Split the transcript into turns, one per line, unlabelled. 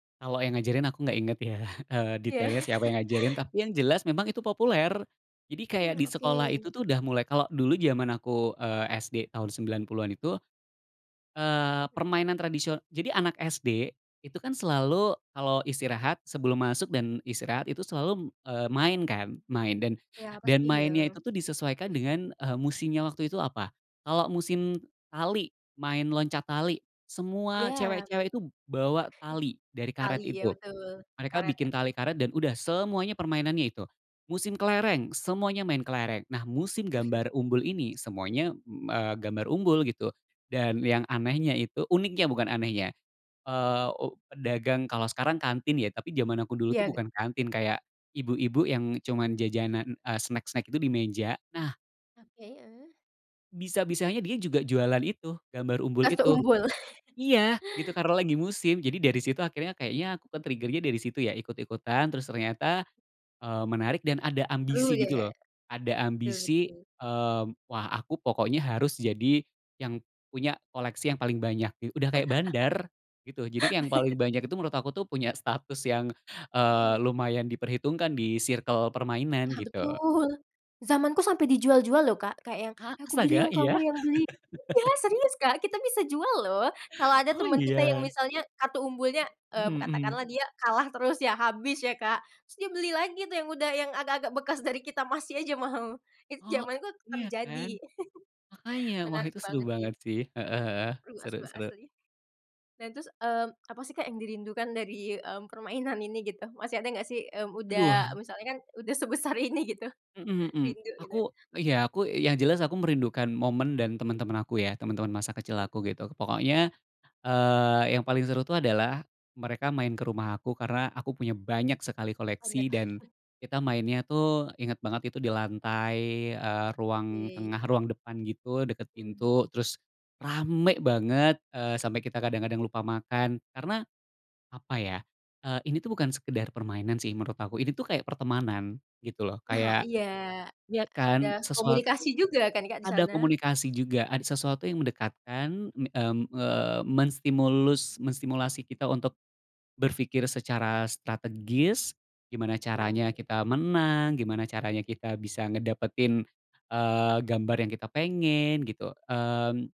Kalo yang ngajarin aku gak inget ya, eee,
Ya.
detailnya siapa yang ngajarin, tapi yang jelas memang itu populer. Jadi kayak
Mmm,
di sekolah itu
oke.
tuh udah mulai kalo dulu jaman aku, eee, SD tahun 90-an itu, eee, permainan tradisio jadi anak SD itu kan selalu, kalau istirahat sebelum masuk dan istirahat itu selalu, eee, main kan, main. Dan
Ya
dan
pasti
mainnya itu
ya.
disesuaikan dengan, eee, musimnya waktu itu apa. Kalau musim tali, main loncat tali,
Ya.
semua
main
cewek-cewek itu bawa tali dari karet
tali, ya
itu.
betul.
Mereka
Karet
bikin
ya.
tali karet dan udah semuanya permainannya itu. Musim kelereng, semuanya main kelereng. Nah musim gambar umbul ini, semuanya, m eee, gambar umbul gitu. Dan yang anehnya itu uniknya bukan anehnya, eee, u pedagang kalo sekarang kantin ya, tapi jaman aku dulu tuh
Iya k
bukan kantin, kayak ibu-ibu yang cuma jajanan, eee, snack-snack itu di meja. Nah
Oke, eh.
bisa-bisa dia juga jualan itu, gambar umbul
Kartu
itu.
umbul.
Iya, gitu karena lagi musim. Jadi dari situ akhirnya kayaknya aku kan trigger-nya dari situ ya, ikut-ikutan terus ternyata, eee, menarik dan ada
Perlu
ambisi gitu
ya.
lho. Ada
Betul
ambisi,
betul.
eee, wah aku pokoknya harus jadi yang punya koleksi yang paling banyak gi udah kayak bandar gitu. Jadi yang paling banyak itu menurut aku tuh punya status, yang, eee,
Mhm.
lumayan diperhitungkan di circle permainan
Nah
gitu.
betul. Zamanku sampe dijual-jual loh Kak. Kayak yang,
A
"Aku beli
astaga?
yang kamu
Iya?
yang beli." Iya, serius Kak, kita bisa jual loh kalau ada
Oh,
temen kita yang
iya?
misalnya kartu umbulnya, eee,
Mhm.
katakanlah dia kalah terus ya, habis ya Kak, terus dia beli lagi tuh yang udah yang agak-agak bekas dari kita masih aja mau. Itu
Oh,
zamanku
iya kan?
terjadi.
Makanya wah
Menarik
itu seru
banget
banget
sih.
sih. Heeh heeh
Seru
seru
asba
seru.
asli. Nah terus, eee, apa sih Kak, yang dirindukan dari, mmm, permainan ini gitu masih ada nggak sih, mmm,
Aduh.
udah misalnya kan udah sebesar ini gitu?
Mhm mhm.
Rindu gitu?
Aku ya aku yang jelas aku merindukan momen dan teman-teman aku ya, teman-teman masa kecil
Oke.
aku gitu. Pokoknya, eee, yang paling seru tuh adalah mereka main ke rumah aku karena aku punya banyak sekali koleksi,
Banyak.
dan kita mainnya tuh, ingat banget itu di lantai, eee, ruang tengah
Yey.
ruang depan gitu, deket
Mmm.
pintu terus rame banget, eee, sampe kita kadang-kadang lupa makan. Karena apa ya, eee, ini tuh bukan sekedar permainan sih menurut aku, ini tuh kayak pertemanan gitu loh,
Nah
kayak
iya,
ya
ada
kan, sesuatu
komunikasi juga kan Kak di
ada
sana?
komunikasi juga, ada sesuatu yang mendekatkan, mmm, eee, menstimulus menstimulasi kita untuk berpikir secara strategis, gimana
Betul.
caranya kita menang, gimana caranya kita bisa ngedapetin, eee, gambar yang kita pengen,
Hmm.
gitu. Mmm